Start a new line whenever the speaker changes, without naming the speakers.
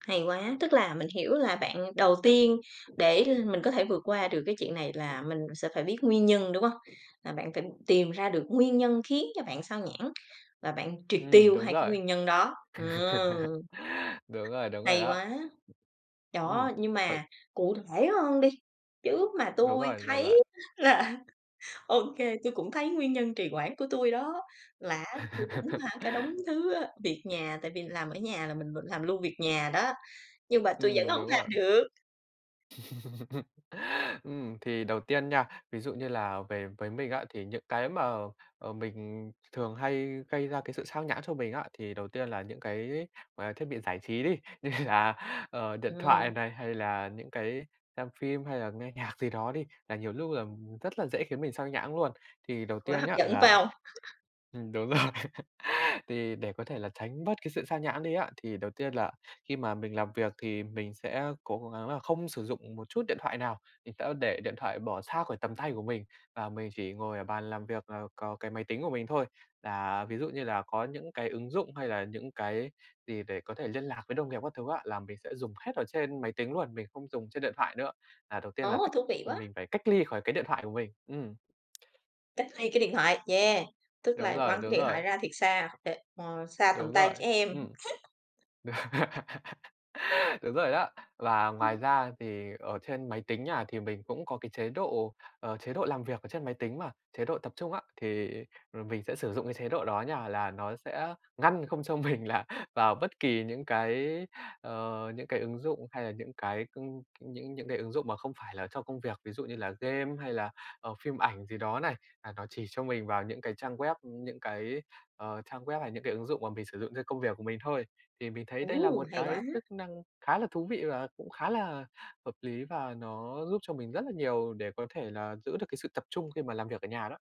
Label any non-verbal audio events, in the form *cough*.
Hay quá. Tức là mình hiểu là bạn đầu tiên, để l mình có thể vượt qua được cái chuyện này là mình sẽ phải biết nguyên nhân, đúng hông? Là bạn phải tìm ra được nguyên nhân khiến cho bạn xao nhãng, và bạn triệt
Ừm,
tiêu
đúng
2 cái
rồi.
nguyên nhân đó, ừm.
*laughs* Đúng rồi, đúng rồi
Hay
đó.
quá!
Ừm.
Đó, nhưng
Vậy
mà cụ thể hơn đi. Chứ mà
Đúng
tui
rồi, được rồi.
thấy là ô kê, tui cũng thấy nguyên nhân trì hoãn của tui đó, là á tui cũng
*laughs*
hả, cả đống thứ á việc nhà, tại vì làm ở nhà là mình v làm luôn việc nhà đó, nhưng mà tui vẫn
Ừm,
hông
đúng
làm
rồi.
được.
*laughs* Ừm, thì đầu tiên nha, ví dụ như là về với mình á thì những cái mà, ờ, mình th thường hay gây ra cái sự sao nhãng cho mình á thì đầu tiên là những cái, à, thiết bị giải trí đi, như là, ờ, điện thoại
Ừm.
này, hay là những cái xem phim, hay là nghe nhạc gì đó đi, là nhiều lúc là rất là dễ khiến mình sao nhãng luôn. Thì đầu
Quá
tiên
hấp
nhá
dẫn, phải
là
hông?
ừm, đúng rồi,
*laughs*
thì để có thể là tránh bớt cái sự sao nhãng đi á thì đầu tiên là khi mà mình làm việc thì mình sẽ cố gắng là không sử dụng một chút điện thoại nào. Mình sẽ để điện thoại bỏ xa khỏi tầm tay của mình và mình chỉ ngồi ở bàn làm việc là có cái máy tính của mình thôi. Là ví dụ như là có những cái ứng dụng hay là những cái gì để có thể liên lạc với đồng nghiệp các thứ á là mình sẽ dùng hết ở trên máy tính luôn, mình không dùng trên điện thoại nữa. Là đầu tiên là
Ồ,
cách
thú vị
ừm,
quá!
mình phải cách ly khỏi cái điện thoại của mình, ừm.
Cách ly cái điện thoại, yeah. Tức
Đúng
là
rồi,
quăng
đúng
cái điện
rồi.
thoại ra thiệt xa, đ ờ, xa tầm
Đúng
tay
rồi,
trẻ em.
ừm.
*chuckles*
*laughs* Đúng rồi đó. Và ngoài
Ưm.
ra thì ở trên máy tính nha thì mình cũng có cái chế độ, ờ, chế độ làm việc ở trên máy tính mà, chế độ tập trung á. Thì, ừm, mình sẽ sử dụng cái chế độ đó nha, là nó sẽ ngăn không cho mình là vào bất kỳ những cái, ờ, những cái ứng dụng hay là những cái, cưng những những cái ứng dụng mà không phải là cho công việc, ví dụ như là game hay là, ờ, phim ảnh gì đó này. À, nó chỉ cho mình vào những cái trang web, ưm, những cái, ờ, trang web hay những cái ứng dụng mà mình sử dụng cho công việc của mình thôi. Thì mình thấy đây là
Ồ,
một
hay quá!
cái chức năng khá là thú vị và cũng khá là hợp lý, và nó giúp cho mình rất là nhiều để có thể là giữ được cái sự tập trung khi mà làm việc ở nhà đó.